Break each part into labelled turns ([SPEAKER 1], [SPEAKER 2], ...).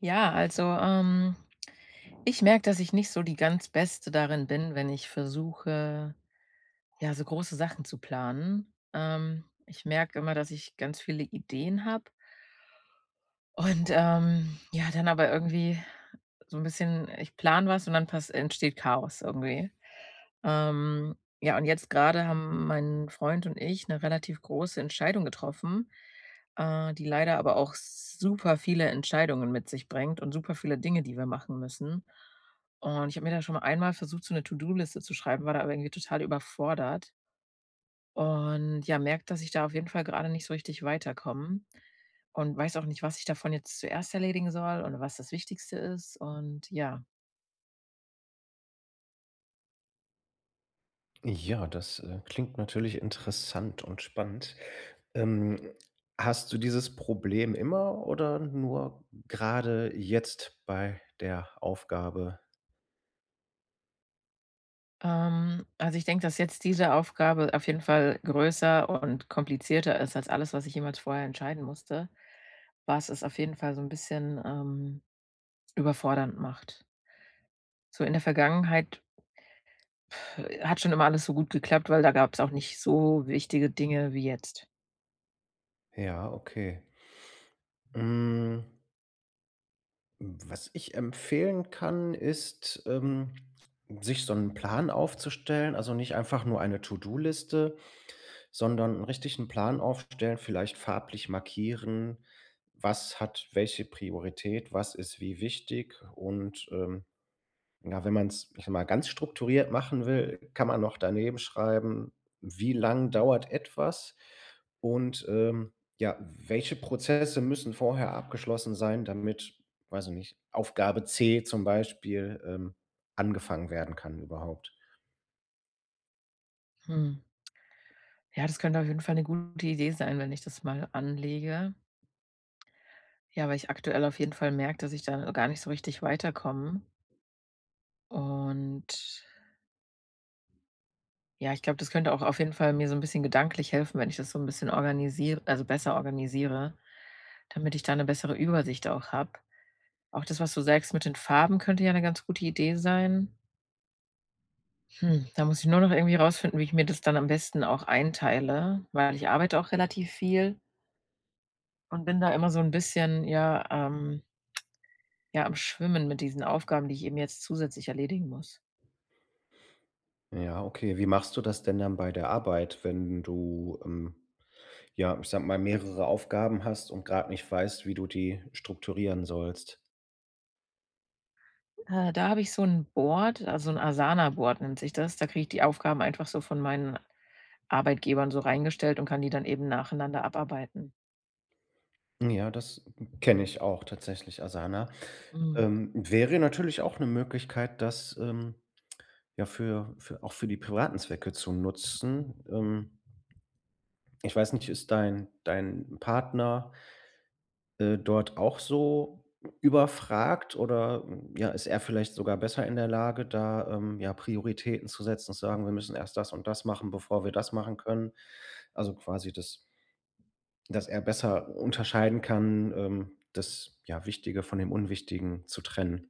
[SPEAKER 1] Ja, also, ähm, ich merke, dass ich nicht so die ganz Beste darin bin, wenn ich versuche, ja, so große Sachen zu planen. Ähm, ich merke immer, dass ich ganz viele Ideen habe und, ähm, ja, dann aber irgendwie so 'n bisschen ich plane was und dann pas entsteht Chaos irgendwie. Ähm, ja, und jetzt grade haben mein Freund und ich 'ne relativ große Entscheidung getroffen, äh, die leider aber auch super viele Entscheidungen mit sich bringt und super viele Dinge, die wir machen müssen. Und ich habe mir da schon einmal versucht, so 'ne To-do-Liste zu schreiben, war da irgendwie total überfordert. Und, ja, merke, dass ich da auf jeden Fall grade nicht so richtig weiterkomme und weiß auch nicht, was ich davon jetzt zuerst erledigen soll oder was das Wichtigste ist und, ja.
[SPEAKER 2] Ja, das, äh, klingt natürlich interessant und spannend. Ähm, hast du dieses Problem immer oder nur grade jetzt bei der Aufgabe?
[SPEAKER 1] Ähm, also, ich denke, dass jetzt diese Aufgabe auf jeden Fall größer und komplizierter ist als alles, was ich jemals vorher entscheiden musste, was es auf jeden Fall so 'n bisschen, ähm, überfordernd macht. So in der Vergangenheit, äh, hat schon immer alles so gut geklappt, weil da gab's auch nicht so wichtige Dinge wie jetzt.
[SPEAKER 2] Ja, okay. Hm. Hm, was ich empfehlen kann, ist, ähm, sich so 'n Plan aufzustellen. Also, nicht einfach nur eine To-do-Liste, sondern 'n richtigen Plan aufstellen, vielleicht farblich markieren: „Was hat welche Priorität, was ist wie wichtig?“ Und, ähm, ja, wenn man's, äh, mal, ganz strukturiert machen will, kann man noch daneben schreiben: „Wie lang dauert etwas?“ Und, ähm, ja, welche Prozesse müssen vorher abgeschlossen sein, damit weiß ich nicht Aufgabe C zum Beispiel, ähm, angefangen werden kann überhaupt?
[SPEAKER 1] Hm. Ja, das könnte auf jeden Fall 'ne gute Idee sein, wenn ich das mal anlege. Ja, weil ich aktuell auf jeden Fall merke, dass ich da gar nicht so richtig weiterkomme. Und ja, ich glaube, das könnte auch auf jeden Fall mir so 'n bisschen gedanklich helfen, wenn ich das so 'n bisschen organisier also, besser organisiere, damit ich da 'ne bessere Übersicht auch habe. Auch das, was du sagst, mit den Farben könnte ja 'ne ganz gute Idee sein. Hm, da muss ich nur noch irgendwie rausfinden, wie ich mir das dann am besten auch einteile, weil ich arbeite auch relativ viel und bin da immer so 'n bisschen, ja, ähm ja, am Schwimmen mit diesen Aufgaben, die ich eben jetzt zusätzlich erledigen muss.
[SPEAKER 2] Ja, okay. Wie machst du das denn dann bei der Arbeit, wenn du, ähm, ja, ich sage mal, mehrere Aufgaben hast und grad nicht weißt, wie du die strukturieren sollst?
[SPEAKER 1] Äh, da habe ich so 'n Board, also, 'n Asana-Board nennt sich das. Da kriege ich die Aufgaben einfach so von meinen Arbeitgebern so reingestellt und kann die dann eben nacheinander abarbeiten.
[SPEAKER 2] Hm, ja, das k kenne ich auch tatsächlich, Asana.
[SPEAKER 1] Mhm.
[SPEAKER 2] Ähm, wäre natürlich auch 'ne Möglichkeit, das, ähm, ja, für für auch für die privaten Zwecke zu nutzen. Ähm, ich weiß nicht, ist dein dein Partner äh, dort auch so überfragt? Oder, hm, ja, ist er vielleicht sogar besser in der Lage, da, ähm, ja, Prioritäten zu setzen und zu sagen: „Wir müssen erst das und das machen, bevor wir das machen können“? Also, quasi, dass dass er besser unterscheiden kann, ähm, das, ja, Wichtige von dem Unwichtigen zu trennen.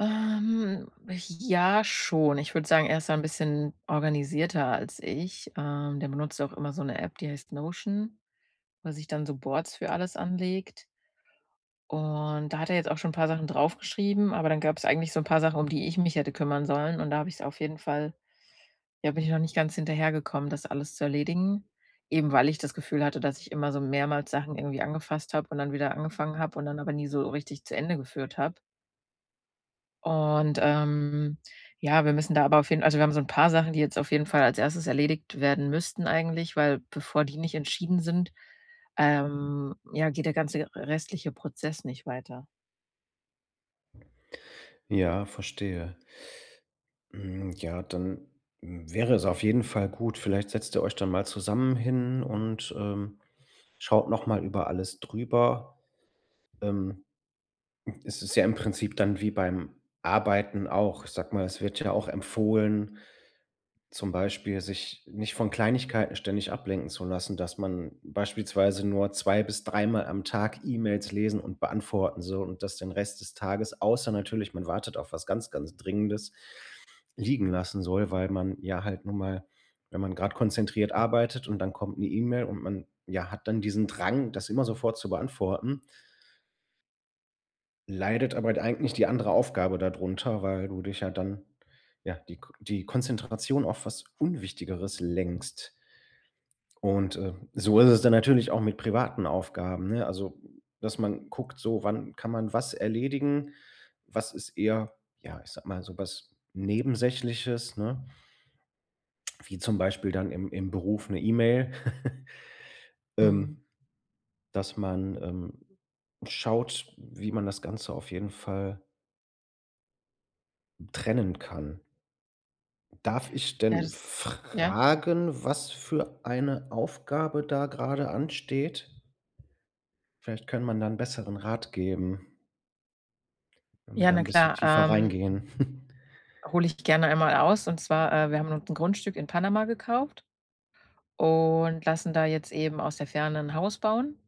[SPEAKER 1] Ähm, ja schon. Ich würde sagen, er ist da 'n bisschen organisierter als ich. Ähm, der benutzt auch immer so 'ne App, die heißt Notion, wo er sich dann so Boards für alles anlegt. Und da hat er jetzt auch schon 'n paar Sachen draufgeschrieben, aber dann gab's eigentlich so 'n paar Sachen, um die ich mich hätte kümmern sollen. Und da habe ich's auf jeden Fall ja, bin ich noch nicht ganz hinterhergekommen, das alles zu erledigen. Eben weil ich das Gefühl hatte, dass ich immer so mehrmals Sachen irgendwie angefasst habe und dann wieder angefangen habe und dann aber nie so richtig zu Ende geführt habe. Und, ähm, ja, wir müssen da aber auf jeden also, wir haben so 'n paar Sachen, die jetzt auf jeden Fall als 1. erledigt werden müssten eigentlich, weil bevor die nicht entschieden sind, ähm, ja, geht der ganze r restliche Prozess nicht weiter.
[SPEAKER 2] Ja, verstehe. Hm, ja, dann, hm, wäre es auf jeden Fall gut vielleicht setzt ihr euch dann mal zusammen hin und, ähm, schaut noch mal über alles drüber. Ähm, hm, es ist ja im Prinzip dann wie beim Arbeiten auch. Ich sage mal, es wird ja auch empfohlen, zum Beispiel sich nicht von Kleinigkeiten ständig ablenken zu lassen, dass man beispielsweise nur zwei bis dreimal am Tag E-Mails lesen und beantworten soll und das den Rest des Tages, außer natürlich, man wartet auf was ganz, ganz Dringendes, liegen lassen soll, weil man ja halt nun mal wenn man grad konzentriert arbeitet und dann kommt 'ne E-Mail und man, ja, hat dann diesen Drang, das immer sofort zu beantworten leidet aber d eigentlich die andere Aufgabe da drunter, weil du dich ja dann ja, die K die Konzentration auf was Unwichtigeres lenkst. Und, äh, so ist es dann natürlich auch mit privaten Aufgaben, ne? Also, dass man guckt so: „Wann kann man was erledigen? Was ist eher, ja, ich sage mal, so was Nebensächliches“, ne? Wie zum Beispiel dann im im Beruf 'ne E-Mail.
[SPEAKER 1] Mhm.
[SPEAKER 2] Ähm, dass man, ähm, schaut, wie man das Ganze auf jeden Fall hm, trennen kann. Darf ich
[SPEAKER 1] Ja,
[SPEAKER 2] denn
[SPEAKER 1] das s ja.
[SPEAKER 2] fragen, was für eine Aufgabe da grade ansteht? Vielleicht könnte man da 'n besseren Rat geben wenn wir
[SPEAKER 1] Ja,
[SPEAKER 2] da
[SPEAKER 1] na
[SPEAKER 2] 'n bisschen
[SPEAKER 1] klar.
[SPEAKER 2] tiefer
[SPEAKER 1] Ähm,
[SPEAKER 2] reingehen.
[SPEAKER 1] hole ich gerne einmal aus. Und zwar, äh, wir haben uns 'n Grundstück in Panama gekauft und lassen da jetzt eben aus der Ferne 'n Haus bauen.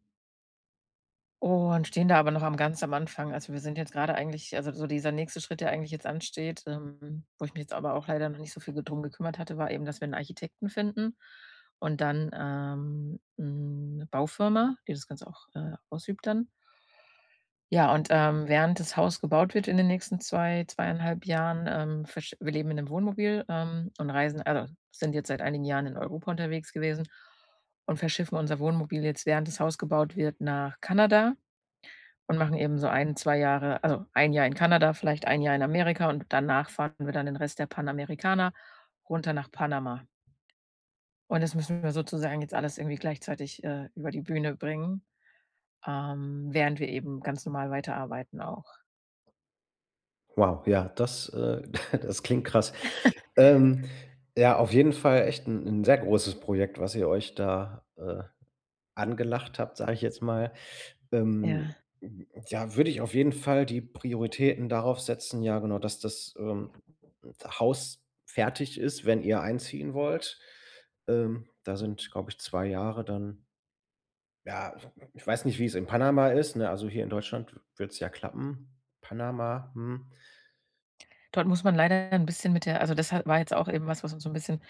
[SPEAKER 1] Und stehen da aber noch am ganz am Anfang. Also, wir sind jetzt grade eigentlich also, so dieser nächste Schritt, der eigentlich jetzt ansteht, ähm, wo ich mich jetzt aber auch leider noch nicht so viel ge drum gekümmert hatte, war eben, dass wir 'n Architekten finden und dann, ähm, 'ne Baufirma, die das Ganze auch, äh, ausübt dann. Ja, und, ähm, während das Haus gebaut wird in den nächsten 2, 2 1/2 Jahren, ähm, versch wir leben in 'nem Wohnmobil, ähm, und reisen also, sind jetzt seit einigen Jahren in Europa unterwegs gewesen und verschiffen unser Wohnmobil jetzt, während das Haus gebaut wird, nach Kanada, und machen eben so 1, 2 Jahre also, 1 Jahr in Kanada, vielleicht 1 Jahr in Amerika und danach fahren wir dann den Rest der Panamericana runter nach Panama. Und das müssen wir sozusagen jetzt alles irgendwie gleichzeitig, äh, über die Bühne bringen, ähm, während wir eben ganz normal weiterarbeiten auch.
[SPEAKER 2] Wow. Ja, das, äh das klingt krass. Ähm, ja, auf jeden Fall echt 'n 'n sehr großes Projekt, was ihr euch da, äh, angelacht habt, sage ich jetzt mal. Ähm,
[SPEAKER 1] Ja.
[SPEAKER 2] hm, ja, würde ich auf jeden Fall die Prioritäten darauf setzen ja, genau, dass das, ähm, Haus fertig ist, wenn ihr einziehen wollt. Ähm, da sind, glaube ich, 2 Jahre dann ja, ich weiß nicht, wie's in Panama ist, ne? Also, hier in Deutschland würde es ja klappen. Panama, hm.
[SPEAKER 1] Dort muss man leider ja 'n bisschen mit der also, das ha war jetzt auch eben was, was uns so 'n bisschen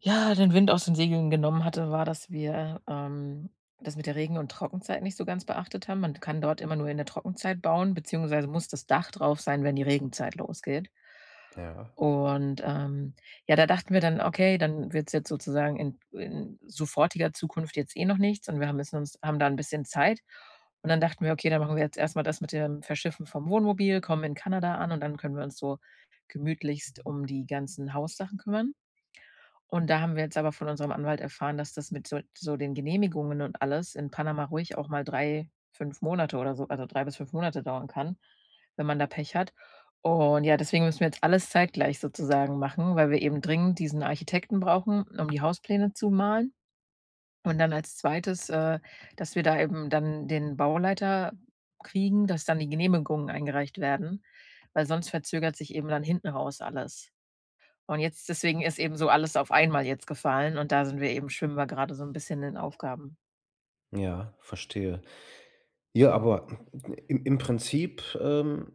[SPEAKER 1] ja, den Wind aus den Segeln genommen hatte, war, dass wir, ähm, das mit der Regen und Trockenzeit nicht so ganz beachtet haben. Man kann dort immer nur in der Trockenzeit bauen, beziehungsweise muss das Dach drauf sein, wenn die Regenzeit losgeht.
[SPEAKER 2] Ja.
[SPEAKER 1] Und, ähm, ja, da dachten wir dann: „Okay, dann wird's jetzt sozusagen in in sofortiger Zukunft jetzt eh noch nichts. Und wir haben jetzt uns haben da 'n bisschen Zeit.“ Und dann dachten wir: „Okay, dann machen wir jetzt erst mal das mit dem Verschiffen vom Wohnmobil, kommen in Kanada an und dann können wir uns so gemütlichst um die ganzen Haussachen kümmern.“ Und da haben wir jetzt aber von unserem Anwalt erfahren, dass das mit so so den Genehmigungen und alles in Panama ruhig auch mal 3, 5 Monate oder so also, 3 bis 5 Monate dauern kann, wenn man da Pech hat. Und ja, deswegen müssen wir jetzt alles zeitgleich sozusagen machen, weil wir eben dringend diesen Architekten brauchen, um die Hauspläne zu malen. Und dann als 2. äh, dass wir da eben dann den Bauleiter kriegen, dass dann die Genehmigungen eingereicht werden, weil sonst verzögert sich eben dann hinten raus alles. Und jetzt deswegen ist eben so alles auf einmal jetzt gefallen und da sind wir eben schwimmen wir grade so 'n bisschen in Aufgaben.
[SPEAKER 2] Ja, verstehe. Ja, aber im im Prinzip, ähm,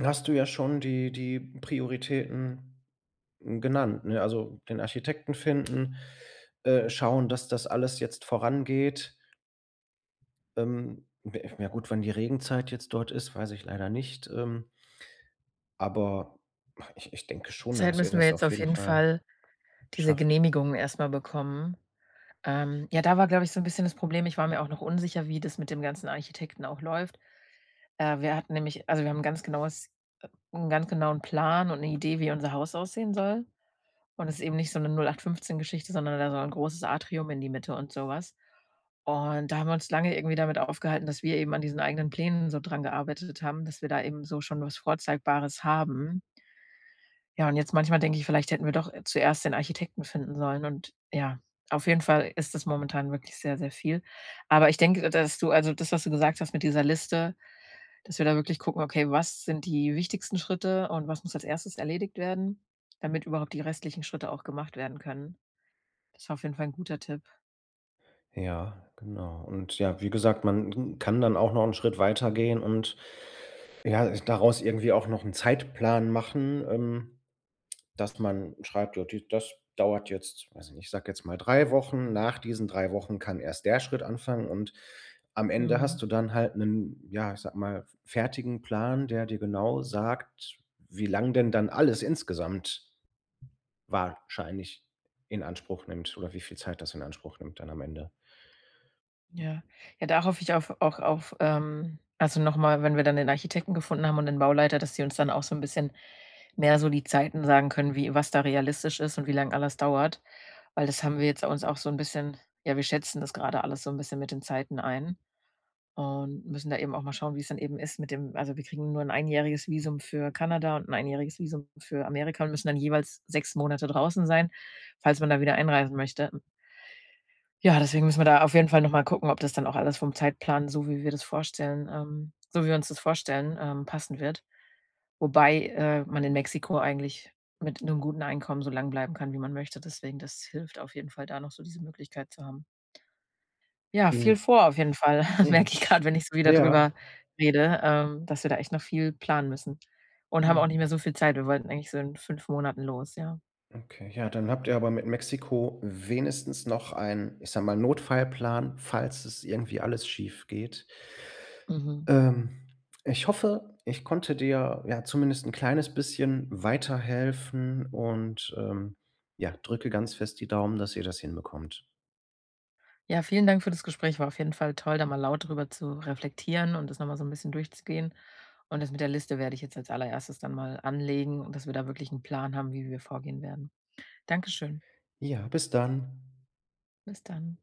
[SPEAKER 2] hast du ja schon die die Prioritäten genannt, ne? Also, den Architekten finden, äh, schauen, dass das alles jetzt vorangeht. Ähm, [unintelligible] ja gut, wenn die Regenzeit jetzt dort ist, weiß ich leider nicht, ähm aber ich ich denke schon,
[SPEAKER 1] Zeit
[SPEAKER 2] dass ihr
[SPEAKER 1] müssen wir
[SPEAKER 2] das
[SPEAKER 1] jetzt
[SPEAKER 2] auf
[SPEAKER 1] auf
[SPEAKER 2] jeden
[SPEAKER 1] jeden
[SPEAKER 2] Fall
[SPEAKER 1] Fall diese
[SPEAKER 2] schafft.
[SPEAKER 1] Genehmigungen erst mal bekommen. Ähm, ja, da war, glaube ich, so 'n bisschen das Problem. Ich war mir auch noch unsicher, wie das mit dem ganzen Architekten auch läuft. Äh, wir hatten nämlich also, wir haben 'n ganz genaues äh, 'n ganz genauen Plan und 'ne Idee, wie unser Haus aussehen soll. Und es ist eben nicht so 'ne 08/15- Geschichte, sondern da soll ein großes Atrium in die Mitte und sowas. Und da haben wir uns lange irgendwie damit aufgehalten, dass wir eben an diesen eigenen Plänen so dran gearbeitet haben, dass wir da eben so schon was Vorzeigbares haben. Ja, und jetzt manchmal denke ich: „Vielleicht hätten wir doch zuerst den Architekten finden sollen.“ Und, ja, auf jeden Fall ist das momentan wirklich sehr, sehr viel. Aber ich denke, d dass du also, das, was du gesagt hast mit dieser Liste, dass wir da wirklich gucken: „Okay, was sind die wichtigsten Schritte und was muss als 1. erledigt werden, damit überhaupt die restlichen Schritte auch gemacht werden können.“ Das war auf jeden Fall 'n guter Tipp.
[SPEAKER 2] Ja, genau. Und ja, wie gesagt, man kann dann auch noch 'n Schritt weitergehen und, ja, äh, daraus irgendwie auch noch 'n Zeitplan machen, ähm, dass man schreibt: „Ja, d das dauert jetzt weiß ich nicht, ich sage jetzt mal 3 Wochen. Nach diesen 3 Wochen kann erst der Schritt anfangen.“ Und am Ende
[SPEAKER 1] Mhm.
[SPEAKER 2] hast du dann halt 'nen, ja, ich sage mal, f fertigen Plan, der dir genau sagt, wie lang denn dann alles insgesamt wahrscheinlich in Anspruch nimmt oder wie viel Zeit das in Anspruch nimmt dann am Ende.
[SPEAKER 1] Ja. Ja, da hoffe ich auf auch auf, ähm also, noch mal, wenn wir dann den Architekten gefunden haben und den Bauleiter, dass die uns dann auch so 'n bisschen mehr so die Zeiten sagen können, wie was da realistisch ist und wie lang alles dauert. Weil das haben wir jetzt uns auch so 'n bisschen ja, wir schätzen das grade alles so 'n bisschen mit den Zeiten ein und müssen da eben auch mal schauen, wie's dann eben ist mit dem also, wir kriegen nur 'n einjähriges Visum für Kanada und 'n einjähriges Visum für Amerika und müssen dann jeweils 6 Monate draußen sein, falls man da wieder einreisen möchte. Hm Ja, deswegen müssen wir da auf jeden Fall noch mal gucken, ob das dann auch alles vom Zeitplan, so wie wir das vorstellen, ähm so wie wir uns das vorstellen, ähm, passen wird. Wobei, äh, man in Mexiko eigentlich mit 'nem guten Einkommen so lange bleiben kann, wie man möchte. Deswegen, das hilft auf jeden Fall da noch so diese Möglichkeit zu haben. Ja, viel
[SPEAKER 2] Mhm.
[SPEAKER 1] vor auf jeden Fall,
[SPEAKER 2] Ja,
[SPEAKER 1] merke ich
[SPEAKER 2] sch
[SPEAKER 1] grade, wenn ich so wieder
[SPEAKER 2] ja.
[SPEAKER 1] drüber rede, ähm, dass wir da echt noch viel planen müssen und haben auch nicht
[SPEAKER 2] Mhm.
[SPEAKER 1] mehr so viel Zeit. Wir wollten eigentlich so in 5 Monaten los, ja.
[SPEAKER 2] Okay. Ja, dann habt ihr aber mit Mexiko wenigstens noch ein, ich sage mal, Notfallplan, falls es irgendwie alles schiefgeht.
[SPEAKER 1] Mhm.
[SPEAKER 2] Ähm, ich hoffe, ich konnte dir, ja, zumindest 'n kleines bisschen weiterhelfen und, ähm, ja, drücke ganz fest die Daumen, dass ihr das hinbekommt.
[SPEAKER 1] Ja, vielen Dank für das Gespräch. War auf jeden Fall toll, da mal laut drüber zu reflektieren und das noch mal so 'n bisschen durchzugehen. Und das mit der Liste werde ich jetzt als Allererstes dann mal anlegen und dass wir da wirklich 'n Plan haben, wie wir vorgehen werden. Danke schön.
[SPEAKER 2] Ja, bis dann.
[SPEAKER 1] Bis dann.